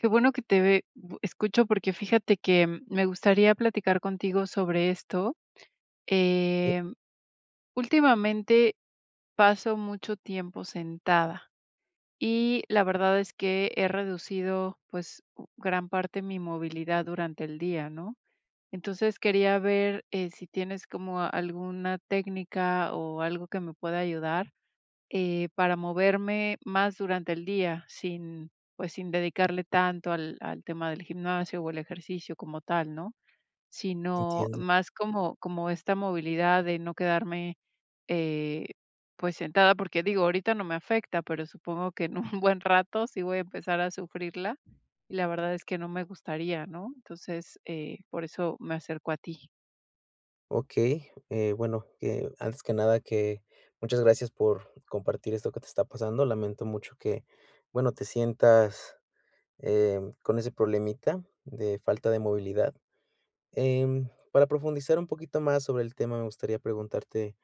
Qué bueno que te ve bu escucho porque fíjate que, eh, me gustaría platicar contigo sobre esto. Em, ultimamente paso mucho tiempo sentada y la verdad es que he reducido, pues, gran parte mi movilidad durante el día, ¿no? Entonces, quería ver, eh, si tienes como alguna técnica, o, algo que me pueda ayudar, eh, para moverme más durante el día, sin, pues, sin dedicarle tanto al al tema del gimnasio, o, al ejercicio como tal, ¿no? Sino Entiendo. más como como esta movilidad de no quedarme, eh, pues, sentada, porque, digo, ahorita no me afecta, pero supongo que en un buen rato sí voy a empezar a sufrirla, y la verdad es que no me gustaría, ¿no? Entonces, eh, por eso me acerco a ti. Okey, eh, bueno, antes que nada que muchas gracias por compartir esto que te está pasando. Lamento mucho que, bueno, te sientas, eh, con ese problemita de falta de movilidad. Em, para profundizar un poquito más sobre el tema, me gustaría preguntarte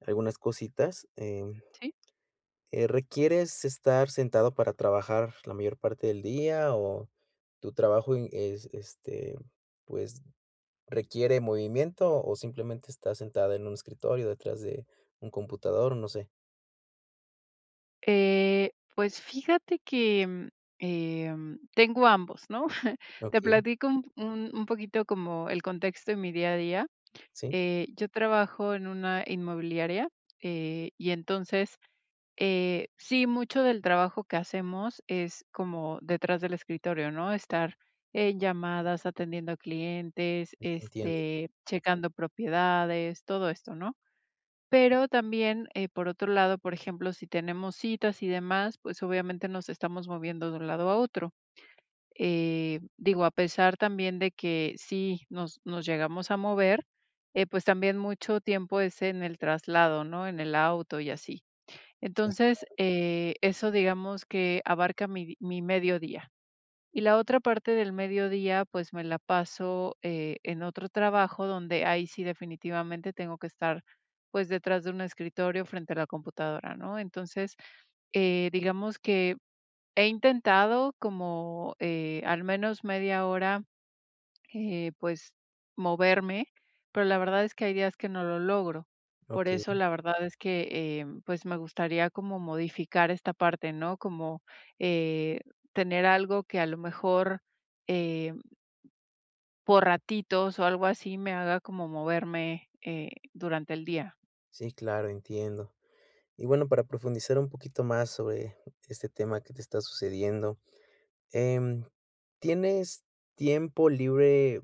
algunas cositas. Eh Sí. eh, ¿requieres estar sentada para trabajar la mayor parte del día, o tu trabajo in es, este, pues, requiere movimiento, o simplemente estás sentada en un escritorio detrás de un computador, o no sé? Eh, pues, fíjate que, em em, tengo ambos, ¿no? Te Okey. platico un un un poquito como el contexto en mi día a día. Sí. Eh, yo trabajo en una inmobiliaria, eh, y, entonces, eh, sí, mucho del trabajo que hacemos es como detrás del escritorio, ¿no? Estar en llamadas, atendiendo a clientes, E entiendo. este, checando propiedades, todo esto, ¿no? Pero también, eh, por otro lado, por ejemplo, si tenemos citas y demás, pues, obviamente, nos estamos moviendo de un lado a otro. Eh, digo, a pesar también de que, sí nos nos llegamos a mover, eh, pues, también mucho tiempo es en el traslado, ¿no? En el auto y así. Sí, Entonces, claro. eh, eso, digamos, que abarca mi mi mediodía. Y la otra parte del mediodía, pues, me la paso, eh, en otro trabajo, donde ahí sí definitivamente tengo que estar, pues, detrás de un escritorio frente a la computadora, ¿no? Entonces, eh, digamos que he intentado como, eh, al menos media hora, eh, pues, moverme, pero la verdad es que hay días que no lo logro. Por eso, Okey. la verdad es que, eh, pues, me gustaría como modificar esta parte, ¿no? Como, eh, tener algo que, a lo mejor, em, por ratitos o algo así, me haga como moverme, eh, durante el día. Sí, claro, entiendo. Y, bueno, para profundizar un poquito más sobre este tema que te está sucediendo. Em, ¿tienes tiempo libre,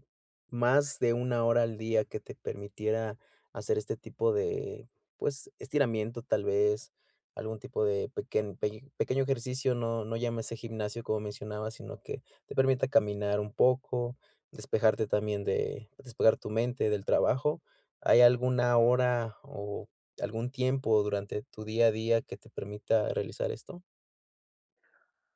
más de 1, hora al día, que te permitiera hacer este tipo de, pues, estiramiento tal vez, algún tipo de pequen peño pequeño ejercicio, no no llámese gimnasio, como mencionabas, sino que te permita caminar un poco, despejarte también de despejar tu mente del trabajo, ¿hay alguna hora o algún tiempo durante tu día a día, que te permita realizar esto?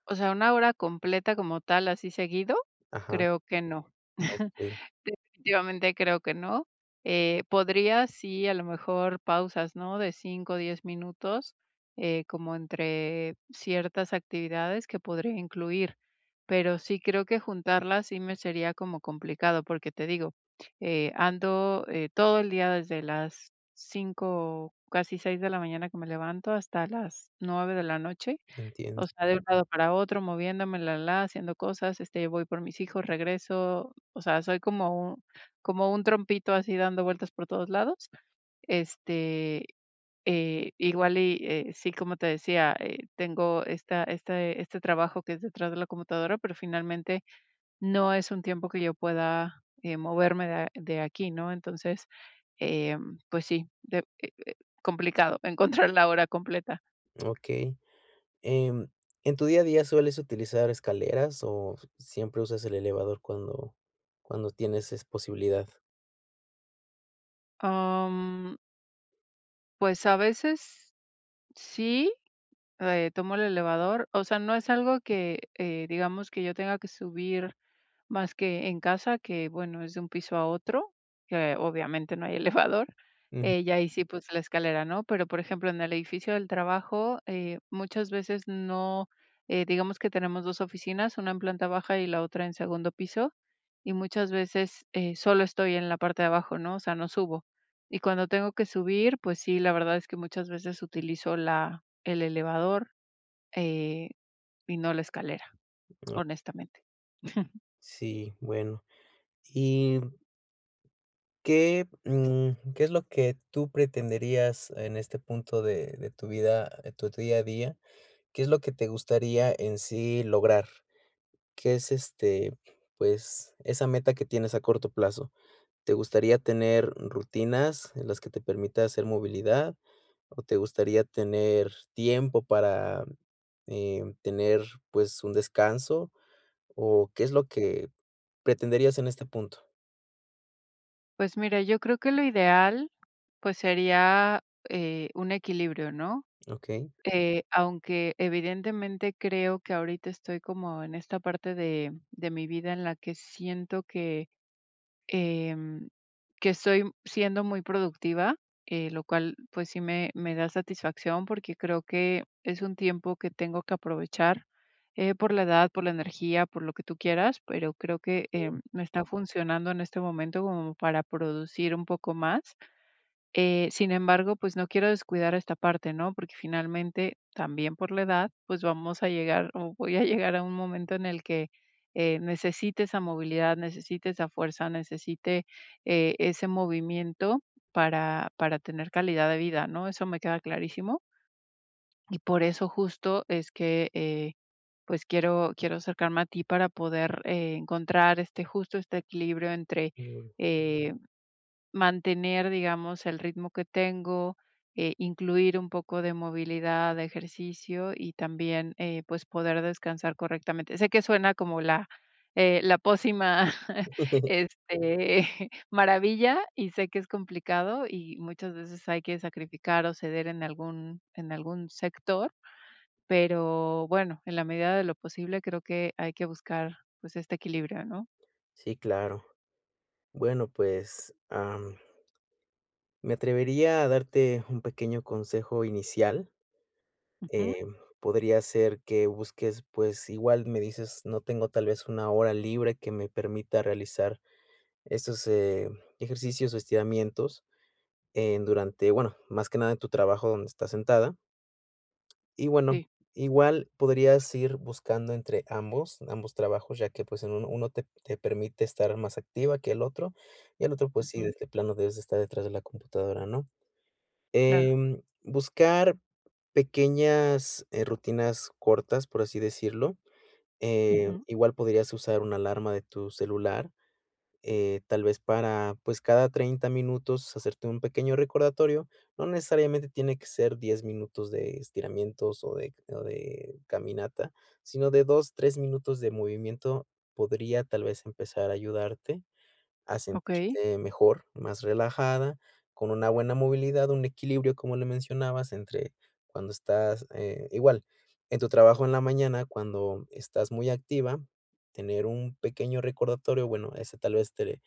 O sea, 1, hora completa como tal, así seguido, Ajá. creo que no. Okey. Definitivamente, creo que no. Eh, podría sí, a lo mejor, pausas, ¿no?, de 5, 10 minutos, eh, como entre ciertas actividades que podría incluir. Pero sí creo que juntarlas, sí me sería como complicado, porque te digo, eh, ando, eh, todo el día desde las 5, casi 6 de la mañana que me levanto hasta las 9 de la noche. Entiendo. O sea, de un lado para otro, moviéndome, la la, haciendo cosas, este, voy por mis hijos, regreso. O sea, soy como como un trompito, así dando vueltas por todos lados. Este, eh, igual y eh, sí, como te decía, eh, tengo esta este este trabajo que es detrás de la computadora, pero finalmente no es un tiempo que yo pueda, eh, moverme de, ah, de aquí, ¿no? Entonces, em, pues sí, de e e, complicado encontrar la hora completa. Okey, em, en tu día a día, ¿sueles utilizar escaleras o siempre usas el elevador? Cuando cuando tienes es posibilidad. Mm. Pues a veces, sí, eh, tomo el elevador. O sea, no es algo que, eh, digamos, que yo tenga que subir más que en casa, que, bueno, es de un piso a otro, que obviamente no hay elevador. Mm. Y ahí sí, pues, la escalera, ¿no? Pero, por ejemplo, en el edificio del trabajo, eh, muchas veces no. Digamos que tenemos 2 oficinas, una en planta baja y la otra en segundo piso, y muchas veces, eh, solo estoy en la parte de abajo, ¿no? O sea, no subo. Y cuando tengo que subir, pues sí, la verdad es que muchas veces utilizo la el elevador, eh, y no la escalera, honestamente. Sí, bueno, y ¿Qué, mm, qué es lo que tú pretenderías en este punto de de tu vida tu día a día? ¿Qué es lo que te gustaría en sí lograr? ¿Qué es, este, pues, esa meta que tienes a corto plazo? ¿Te gustaría tener rutinas en las que te permita hacer movilidad, o te gustaría tener tiempo para, eh, tener, pues, un descanso? O ¿qué es lo que pretenderías en este punto? Pues, mira, yo creo que lo ideal, pues, sería, eh, un equilibrio, ¿no?, Okey. eh, aunque, evidentemente, creo que ahorita estoy como en esta parte de de mi vida, en la que siento que, em, que soy siendo muy productiva, eh, lo cual, pues sí, me me da satisfacción, porque creo que es un tiempo que tengo que aprovechar, eh, por la edad, por la energía, por lo que tú quieras, pero creo que, eh, Okey. no está funcionando en este momento como para producir un poco más, eh, sin embargo, pues, no quiero descuidar esta parte, ¿no?, porque finalmente, también por la edad, pues, vamos a llegar, o, voy a llegar a un momento en el que, eh, necesite esa movilidad, necesite esa fuerza, necesite, eh, ese movimiento para para tener calidad de vida, ¿no?, eso me queda clarísimo y por eso justo es que, eh, pues, quiero quiero acercarme a ti para poder, eh, encontrar, este, justo este equilibrio entre, Mm. eh, mantener, digamos, el ritmo que tengo, e incluir un poco de movilidad, de ejercicio, y también, eh, pues, poder descansar correctamente, sé que suena como la, eh, la pócima, este, maravilla y sé que es complicado y muchas veces hay que sacrificar o ceder en algún en algún sector, pero, bueno, en la medida de lo posible, creo que hay que buscar, pues, este equilibrio, ¿no? Sí, claro, bueno, pues, am, me atrevería a darte un pequeño consejo inicial, Ujú. eh, podría ser que busques, pues, igual me dices, no tengo tal vez, una hora libre que me permita realizar esos, eh, ejercicios o estiramientos, eh, durante, bueno, más que nada en tu trabajo donde estás sentada, y bueno, Sí. igual podrías ir buscando entre ambos ambos trabajos, ya que, pues, en uno uno te te permite estar más activa que el otro, y el otro, pues, sí, Ujú. de de plano debes estar detrás de la computadora, ¿no?, Claro. eh, buscar pequeñas, eh, rutinas cortas, por así decirlo, eh, Ujú. igual podrías usar una alarma de tu celular, eh, tal vez para, pues, cada 30 minutos, hacerte un pequeño recordatorio, no necesariamente tiene que ser 10 minutos de estiramientos, o de o de caminata, sino de 2, 3 minutos de movimiento podría, tal vez, empezar a ayudarte a Okey. sentirte mejor, más relajada, con una buena movilidad, un equilibrio, como le mencionabas, entre cuando estás, eh, igual, en tu trabajo en la mañana, cuando estás muy activa, tener un pequeño recordatorio, bueno, ese tal vez te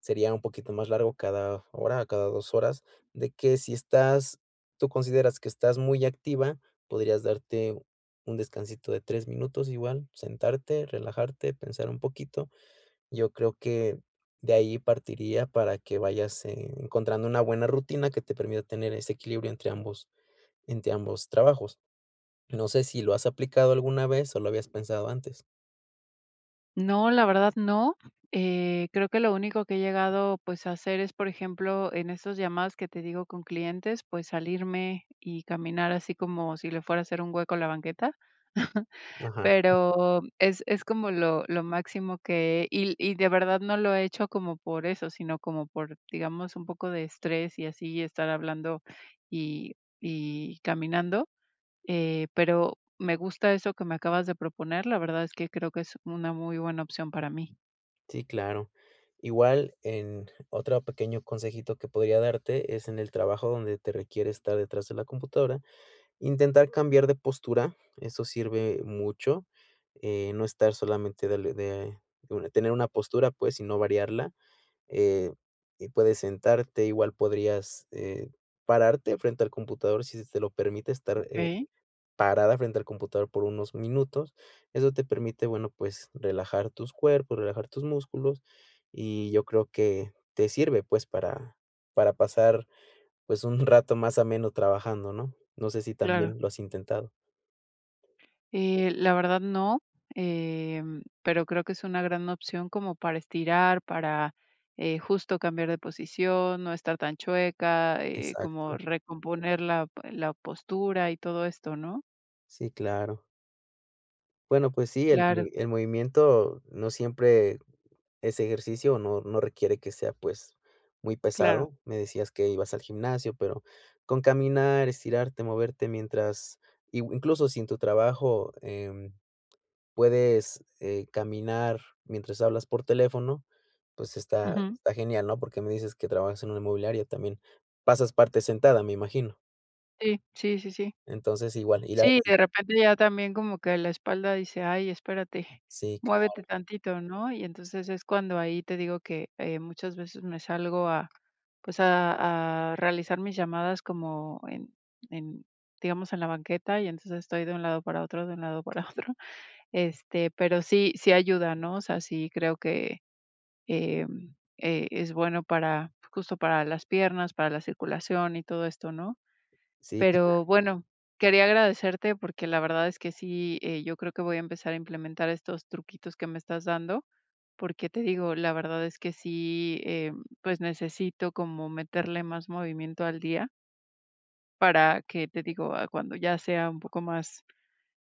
sería un poquito más largo cada hora, cada 2 horas, de que si estás, tú consideras que estás muy activa, podrías darte un descansito de 3 minutos, igual, sentarte, relajarte, pensar un poquito, yo creo que de ahí, partiría para que vayas e encontrando una buena rutina que te permita tener ese equilibrio entre ambos entre ambos trabajos, no sé, ¿si lo has aplicado alguna vez, o, lo habías pensado antes? No, la verdad, no. Eh, creo que lo único que he llegado, pues, a hacer es, por ejemplo, en esas llamadas que te digo, con clientes, pues, salirme y caminar así como si le fuera a hacer un hueco a la banqueta. Ajá. Pero es es como lo lo máximo que y l y de verdad no lo he hecho como por eso, sino como por, digamos, un poco de estrés y así, y estar hablando y y caminando. Eh, pero me gusta eso que me acabas de proponer. La verdad es que creo que es una muy buena opción para mí. Sí, claro. Igual, en otro pequeño consejito que podría darte es en el trabajo donde te requiere estar detrás de la computadora, intentar cambiar de postura, eso sirve mucho, eh, no estar solamente, darle de de una tener una postura, pues, sino variarla. Eh, y puedes sentarte, igual podrías, eh, pararte frente al computador si se te lo permite estar, eh, Okey. parada frente al computador por unos minutos. Eso te permite, bueno, pues, relajar tus cuerpo, relajar tus músculos, y yo creo que te sirve, pues, para para pasar, pues, un rato más ameno trabajando, ¿no? No sé si Claro. también lo has intentado. Eh, la verdad no, em, pero creo que es una gran opción como para estirar, para, eh, justo cambiar de posición, no estar tan chueca, eh, como Exacto. recomponer la p la postura y todo esto, ¿no? Sí, claro. Bueno, pues sí, el Claro. me el movimiento no siempre es ejercicio o no no requiere que sea, pues, muy Claro. pesado, me decías que ibas al gimnasio, pero con caminar, estirarte, moverte mientras, i u incluso si en tu trabajo, em, puedes, eh, caminar mientras hablas por teléfono, pues, está Ujú. está genial, ¿no?, porque me dices que trabajas en una inmobiliaria también, pasas parte sentada, me imagino. Sí, sí, sí, sí. Entonces igual, ir Sí, ahí. de repente ya también como que la espalda dice, ay, espérate, Sí, muévete claro. tantito, ¿no?, y entonces es cuando ahí te digo que, eh, muchas veces me salgo a, pues, a a realizar mis llamadas como en en, digamos, en la banqueta y entonces estoy de un lado para otro, de un lado para otro, este, pero sí sí ayuda, ¿no?, o sea, sí creo que, em, eh, es bueno para justo para las piernas, para la circulación y todo esto, ¿no?, Sí, claro. pero bueno, quería agradecerte porque, la verdad es que sí, eh, yo creo que voy a empezar a implementar estos truquitos que me estás dando, porque te digo, la verdad es que sí, em, pues, necesito como meterle más movimiento al día para que, te digo, ah, cuando ya sea un poco más,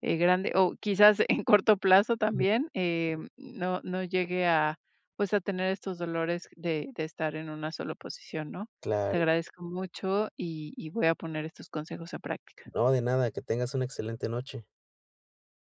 eh, grande o quizás en corto plazo Ujú. también, em, no no llegue a, pues, a tener estos dolores de de estar en una sola posición, ¿no?, te Claro. agradezco mucho y y voy a poner estos consejos a práctica. No, de nada, que tengas una excelente noche.